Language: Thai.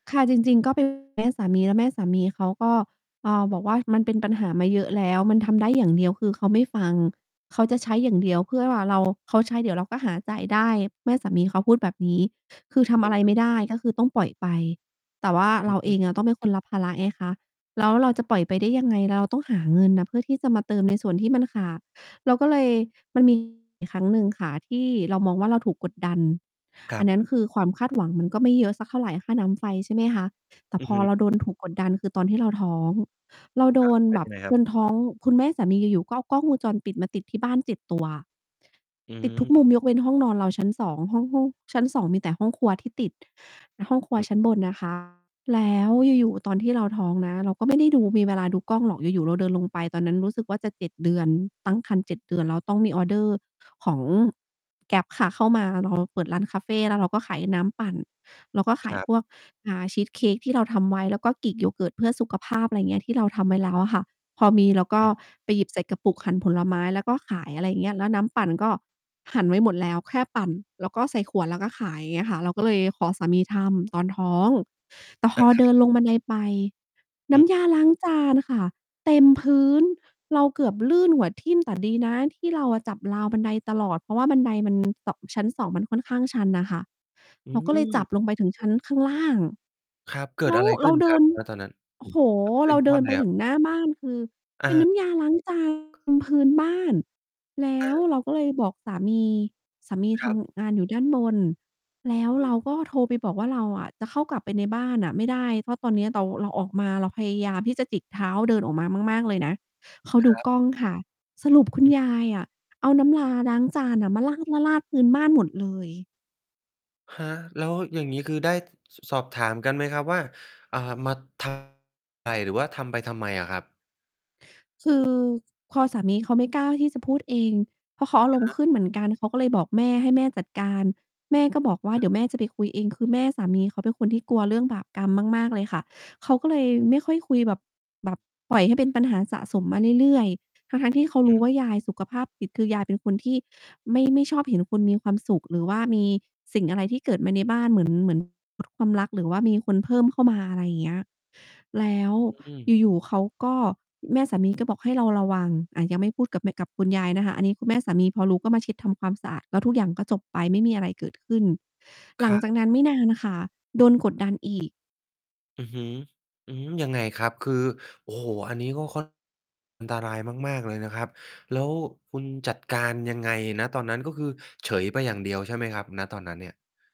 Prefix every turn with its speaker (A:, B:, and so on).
A: ค่ะ จริง ๆ ก็ เป็น แม่สามี แล้วแม่สามีเขาก็ อ่า บอกว่า "มันเป็นปัญหามาเยอะแล้ว มันทำได้ อย่างเดียว" คือเขาไม่ฟัง เขาจะใช้อย่างเดียวเพื่อ "เรา เขาใช้ เดี๋ยวเราก็หาจ่ายได้" แม่สามีเขาพูดแบบนี้ คือทำ
B: เห
A: อะ
B: ็
A: ไ
B: น
A: รไม่ได้ ก็คือต้องปล่อยไป แต่ว่า
B: อ
A: เราเอ
B: ือ
A: งอะ ต้องเป็นค
B: ๆ
A: นรับภาระไงคะ แล้วเราจะปล่อยไปได้ยังไง เราต้องหาเงินน่ะเพื่อที่จะมาเติม ใน ส่วนที่มันขาด เราก็เลย มันมี อยู่ครั้งหนึ่งค่ะที่เรามองว่าเราถูกกดดัน
B: คร
A: อั
B: ั
A: น
B: บ
A: นั้นคือความคาด หวัง มันก็ไม่เยอะสักเท่าไร ค่าน้ำไฟ ใช่ไหมคะ แต่
B: อื
A: พ
B: อ
A: อ
B: ฮึ
A: เราโดน ถูก กดดัน คือตอนที่เราท้อง เราโด
B: ฮะ!
A: น
B: เป
A: แ
B: ็
A: บ
B: นย
A: บ
B: ังไงค
A: จ
B: รับ?
A: นท้อง คุณแม่สามีอยู่ ๆ ก็เอากล้องวงจรปิดมาติดที่บ้าน 7 ตัว
B: อ
A: ติดทุกมุ
B: ืม
A: มยกเว้นห้องนอนเรา ชั้น 2 ห้อง ห้องชั้น 2 มีแต่ห้องครัวที่ติด ห้องครัว
B: อืม
A: ชั้นบนนะ คะ แล้วอยู่ ๆ ตอนที่เราท้องนะ เราก็ไม่ได้ ดู ไม่มีเวลาดูกล้องหรอก อยู่ ๆ เราเดินลงไป ตอนนั้นรู้สึกว่าจะ 7 เดือน ตั้งครรภ์ 7 เดือน แล้วต้องมีออร์เดอร์ของ Grab ค่ะเข้ามา เรา เปิดร้านคาเฟ แล้วเราก็ขายน้ำปั่น เราก็ข
B: ค
A: าย
B: รั
A: พ
B: บ
A: วก อ่า ชีสเค้กที่เราทำไว้ แล้วก็ Greek Yogurt เพื่อสุข ภาพ อะไรเงี้ย ที่เราทำไว้แล้วอะค่ะ พอมีเราก
B: อ
A: ็
B: ืม
A: ไปหยิบใส่กระปุก หั่นผลไม้ แล้วก็ขาย อะไรเงี้ย แล้วน้ำปั่นก็หั่นไว้หมดแล้ว แค่ปั่นแล้วก็ใส่ขวดแล้วก็ขาย อย่างเงี้ยค่ะ เราก็เลยขอสามีทำตอนท้อง แต่พ
B: เออ
A: อเด
B: ค
A: ิ
B: รับ
A: นลงบันไดไป
B: อ
A: น้
B: ืม
A: ำยาล้างจานค่ะเต็มพื้น เราเกือบลื่นหัวทิ่ม แต่ ดีนะที่เราอะจับราวบันไดตลอด เพราะว่าบันได มัน เตาะ ชั้น 2 มันค่อนข้างชันน่ะค่ะ
B: อื
A: เราก็เลยจั
B: ม
A: บลงไปถึงชั้นข้างล่าง
B: ครับ เกิ
A: แล
B: ด
A: ้
B: อ
A: ว
B: ะไรข
A: เร
B: ึ
A: า
B: ้น
A: เด
B: ค
A: ิ
B: รับ
A: น
B: ณ ตอนนั้น
A: โอ้โฮ
B: เป
A: เ
B: ็
A: รา
B: น
A: เด
B: ว
A: ิ
B: ่า
A: น
B: ไ
A: ไ
B: ง
A: ป
B: คร
A: ถึ
B: ับ?
A: งหน้าบ้าน คือ
B: อ
A: เป็นน
B: า
A: ้ำยาล้าง จาน บนพื้นบ้าน แล้
B: เอ
A: ว
B: อ
A: เราก็เลยบอกสามี สามี
B: ค
A: ท
B: รับ
A: ำงานอยู่ด้านบน แล้ว
B: อื
A: เรา
B: ม
A: ก็โทรไปบอกว่า "เราอะจะเข้ากลับไปในบ้านน่ะไม่ได้ เพราะตอนเนี้ยเดา เราออกมา เราพยายามที่จะจิกเท้าเดินออกมามาก ๆ เลยนะ" เขา
B: ค
A: ดู
B: รับ
A: กล้องค่ะ สรุปคุณ
B: อือ
A: ยายอะเอาน้ำยาล้างจานน่ะมาราด ๆ ๆ พื้นบ้านหมดเลย
B: ฮะ! แล้วอย่างงี้คือได้ ส สอบถามกันไหมครับว่า อ่า มา ท ไป หรือว่าทำไปทำไมอะครับ?
A: คือ พอสามีเขาไม่กล้าที่จะพูดเอง เพราะเขา
B: อ
A: อา
B: ะ
A: ร
B: ฮ
A: มณ์ข
B: ะ
A: ึ้นเหมือนกัน เขาก็เลยบอกแม่ให้แม่จัดการ แม่ก็บอกว่าเ
B: ถ
A: ดี๋ยวแม่จะไปคุยเอง คือแม่สามีเขาเป็นคนที่กลัวเรื่องบาปกรรมมาก ๆ เลยค่ะ เขาก็เลยไม่ค่อยคุยแบบ แบบปล่อยให้เป็นปัญหาสะสมมาเรื่อย ๆ ทั้ง ๆ ที่เขา
B: อ
A: ร
B: ื
A: ู้
B: ม
A: ว่ายายสุขภาพจิต คือยายเป็นคนที่ ไม่ ไม่ชอบเห็นคุณมีความสุข หรือว่ามีสิ่งอะไรที่เกิดมาในบ้าน เหมือน เหมือน อะ ความรักหรือว่ามีคนเพิ่มเข้ามา อะไรอย่างเงี้ย แล้ว
B: อืม
A: อยู่ ๆ เขาก็ แม่สามีก็บอกให้เราระวัง อะ ยังไม่พูดกับแม กับคุณยายนะคะ อันนี้ คือแม่ สามีพอรู้ก็มาเช็ดทำความสะอาด แล้วทุกอย่างก็จบไป ไม่มีอะไรเกิดขึ้น
B: ค
A: หลัง
B: ร
A: จา
B: ับ
A: กนั้นไม่นานน่ะค่ะ โดนกดดัน อีก
B: อือฮึ หือ ยังไงครับ? คือ โอ้โฮ! อันนี้ก็ ค่อน อันตรายมาก ๆ เลยนะครับ แล้วคุณจัดการยังไง? ณ ตอนนั้น ก็คือเฉยไปอย่างเดียวใช่ไหมครับ ณ ตอนนั้นเนี่ย?